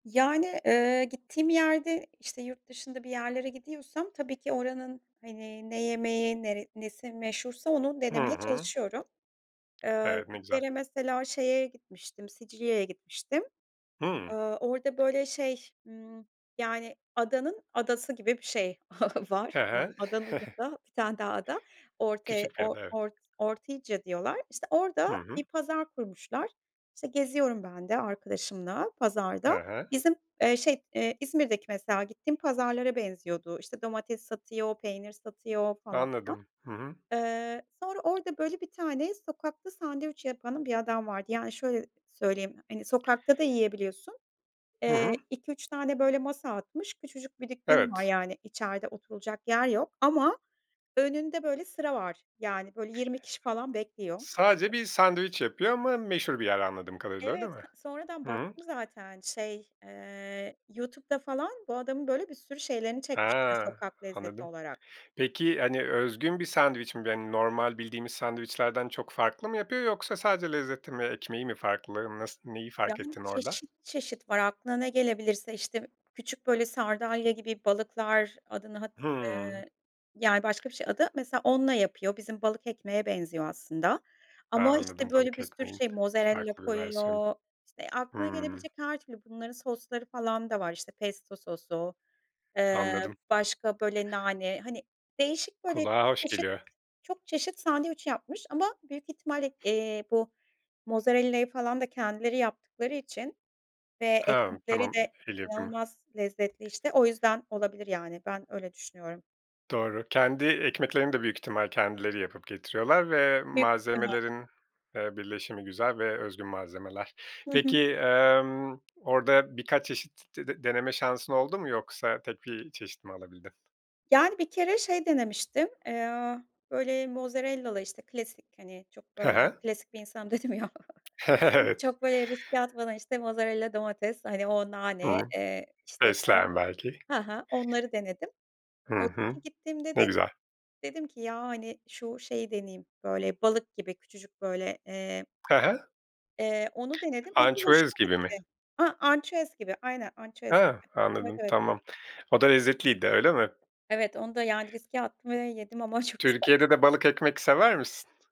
Yani, eee, gittiğim yerde, işte, yurt dışında bir yerlere gidiyorsam tabii ki oranın, hani, ne yemeği, nere nesi meşhursa onu Hı denemeye hı. çalışıyorum. Iıı, Evet, bir ne güzel. kere mesela şeye gitmiştim, Sicilya'ya gitmiştim. Hımm. Aaa, orada, böyle, şey, ımm, yani, adanın adası gibi bir şey var. He he. [unintelligible] adanın ucunda 1 tane daha ada. Orte Küçük bir O ada, evet. Ort Ortygia diyorlar. İşte, Hı orada hı. bir pazar kurmuşlar. İşte, geziyorum ben de arkadaşımla He pazarda. he. Bizim, eee, şey, eee, İzmir'deki mesela gittiğim pazarlara benziyordu. İşte, domates satıyor, peynir satıyor falan filan. Anladım. Hı hı. Eee, sonra orada, böyle, bir tane sokakta sandviç yapanı bir adam vardı. Yani şöyle söyleyeyim, hani, sokakta da yiyebiliyorsun. Hı Eee, hı. 2-3 tane, böyle, masa atmış, küçücük bir dükkânı var Evet. yani içeride oturulacak yer yok ama önünde böyle sıra var. Yani, böyle, 20 kişi falan bekliyor. Sadece bir sandviç yapıyor ama meşhur bir yer anladığım kadarıyla, öyle Evet, mi? sonradan Hı hı. baktım zaten şey, eee, YouTube'da falan bu adamın, böyle, bir sürü şeylerini çekmişler Ha! sokak lezzeti Anladım. olarak. Peki, hani, özgün bir sandviç mi? Ve hani normal bildiğimiz sandviçlerden çok farklı mı yapıyor yoksa sadece lezzeti mi, ekmeği mi farklı? Nas neyi fark Yani, ettin orada? çeşit çeşit var. Aklına ne gelebilirse, işte, küçük, böyle, sardalya gibi balıklar, adını hat, eee, Hımm. yani başka bir şey adı. Mesela onunla yapıyor, bizim balık ekmeğe benziyor aslında. A, Ama, anladım. işte, böyle Balık bir sürü ekmeğin şey, mozerella farklı bir versiyonu. koyuyor, işte, aklına Hımm. gelebilecek her türlü bunların sosları falan da var. İşte, pesto sosu, eee, Anladım. başka, böyle, nane, hani, değişik böyle çok Kulağa hoş çeşit geliyor. çok çeşit sandviç yapmış ama büyük ihtimalle, eee, bu mozerellayı falan da kendileri yaptıkları için ve Hımm, ekmekleri tamam. de E el yapımı. inanılmaz lezzetli, işte o yüzden olabilir yani ben öyle düşünüyorum. Doğru, kendi ekmeklerini de büyük ihtimal kendileri yapıp getiriyorlar ve Büyük ihtimal. malzemelerin, eee, birleşimi güzel ve özgün malzemeler. Hı hı. Peki, emm, orada birkaç çeşit t d deneme şansın oldu mu yoksa tek bir çeşit mi alabildin? Yani, bir kere şey denemiştim, eee, böyle mozerellalı, işte, klasik hani çok He böyle he. klasik bir insanım dedim ya. [unintelligible] Evet. Çok böyle riske atmadan, işte, mozerella, domates, hani, o Hı nane, hı. eee, işte falan Fesleğen belki. Ha ha, onları denedim. Hı hı. Öteki gittiğimde Ne de güzel. dedim ki: "Ya, hani, şu şeyi deneyeyim, böyle balık gibi küçücük böyle eee" Hı hı. Eee, onu denedim, o da Ançüez hoşuma gibi mi? gitti. Ha, ançüez gibi. Aynen, ançüez A! gibi. Evet, Anladım, evet. tamam. O da lezzetliydi, öyle mi? Evet, onu da yani riske attım ve yedim ama çok güzel. Türkiye'de de balık ekmek sever misin?